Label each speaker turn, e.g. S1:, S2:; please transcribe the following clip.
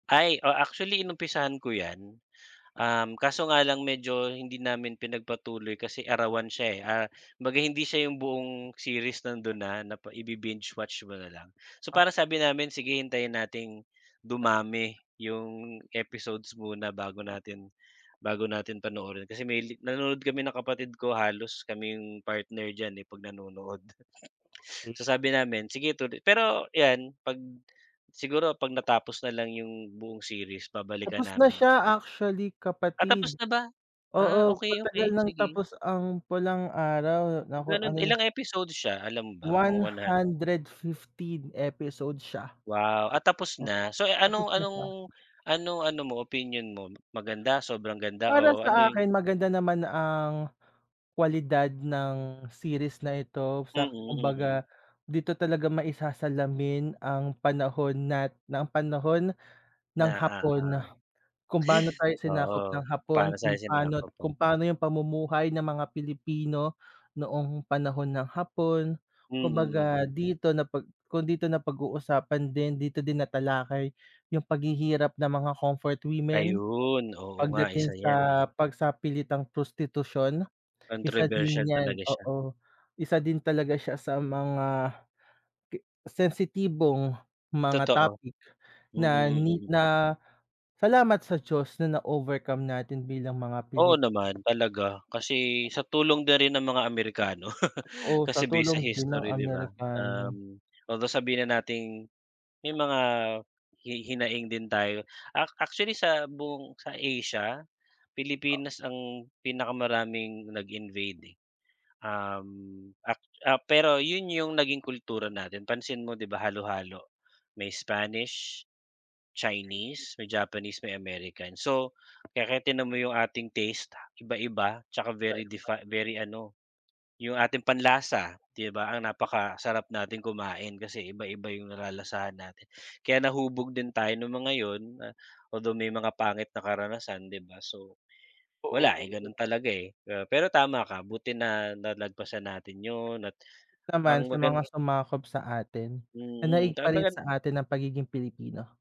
S1: Ay, o, actually inumpisahan ko 'yan. Um, kaso nga lang medyo hindi namin pinagpatuloy kasi arawan siya, eh. Ah, kumbaga hindi siya 'yong buong series nando'n na na pa ibi-binge-watch mo na lang. So,
S2: Ah.
S1: parang sabi namin, sige hintayin nating dumami 'yong episodes muna bago natin bago natin panoorin. Kasi may li nanonood kami ng kapatid ko, halos kami 'yong partner diyan, eh, 'pag nanonood.
S2: Hmm.
S1: So, sabi namin, sige tulo pero, 'yan 'pag siguro 'pag natapos na lang 'yong buong series babalikan
S2: Tapos na
S1: namin ya
S2: siya, actually,
S1: Ah, tapos
S2: kapatid.
S1: na ba? Ah,
S2: Oo,
S1: okay,
S2: matagal
S1: okay.
S2: ng
S1: Sige.
S2: tapos ang Pulang Araw.
S1: Ah, gano'n.
S2: Naka-ano na
S1: Ilang episodes siya, alam mo ba? Mga
S2: one
S1: one hun
S2: hundred fifteen episodes siya.
S1: Wow! Ah, tapos
S2: O
S1: na. So,
S2: Tapos
S1: anong
S2: na siya.
S1: anong anong ano mo, opinyon mo? Maganda, sobrang ganda,
S2: Para
S1: o ano
S2: sa
S1: 'yong
S2: akin, maganda naman ang kwalidad ng series na ito,
S1: Mm,
S2: sa
S1: mm.
S2: kumbaga dito talaga maisasalamin ang panahon nat ang panahon ng
S1: Na,
S2: Hapon.
S1: uh-huh.
S2: Kung paano tayo sinakop ng
S1: Oo, kung
S2: Hapon,
S1: paano
S2: kung
S1: tayo
S2: paano
S1: sinakop po
S2: kung paano 'yong pamumuhay ng mga Pilipino, noong panahon ng Hapon.
S1: Mm,
S2: Kumbaga
S1: mm.
S2: dito na pag kung dito na pag-uusapan din, dito din natalakay 'yong paghihirap ng mga comfort women,
S1: Ayun. Oo nga,
S2: pagdating
S1: isa yan,
S2: sa
S1: eh.
S2: pagsapilitang prostitusyon. Isa din
S1: Kontrobersyal
S2: yan,
S1: talaga siya.
S2: oo, isa din talaga siya sa mga pi sensitibong mga
S1: Totoo.
S2: topic na ni
S1: Mm, mm.
S2: na, salamat sa Diyos na overcome natin bilang mga
S1: Oo
S2: Pilip
S1: naman, talaga. Kasi sa tulong na rin ng mga Amerikano.
S2: Oo, sa
S1: Kasi base sa
S2: tulong din ng
S1: history, 'di ba,
S2: Amerikano.
S1: um, although, sabihin na nating, may mga, hi hinaing din tayo. A actually sa buong sa Asia, Pilipinas ang pinakamaraming nag-invade, eh. Um, a ah, pero 'yon 'yong naging kultura natin, pansin mo, 'di ba, halo-halo. May Spanish, Chinese, may Japanese, may American. So, kaya tingnan mo 'yong ating taste, iba-iba, 'tsaka very
S2: Iba-iba.
S1: defi very ano, 'yong ating panlasa, 'di ba. Ang napakasarap natin kumain, kasi iba-iba 'yong nalalasahan natin. Kaya nahubog din tayo no'ng mga 'yon na, although, may mga pangit na karanasan, 'di ba. So, wala, eh,
S2: Oo, eh, do'n
S1: gano'n talaga, eh, ah, pero tama ka buti na nalagpasan natin 'yon at ang
S2: Naman sa
S1: magan
S2: mga sumakop sa atin.
S1: Mm,
S2: Nanaig
S1: 'tsaka
S2: pa rin
S1: magan
S2: sa atin ang pagiging Pilipino.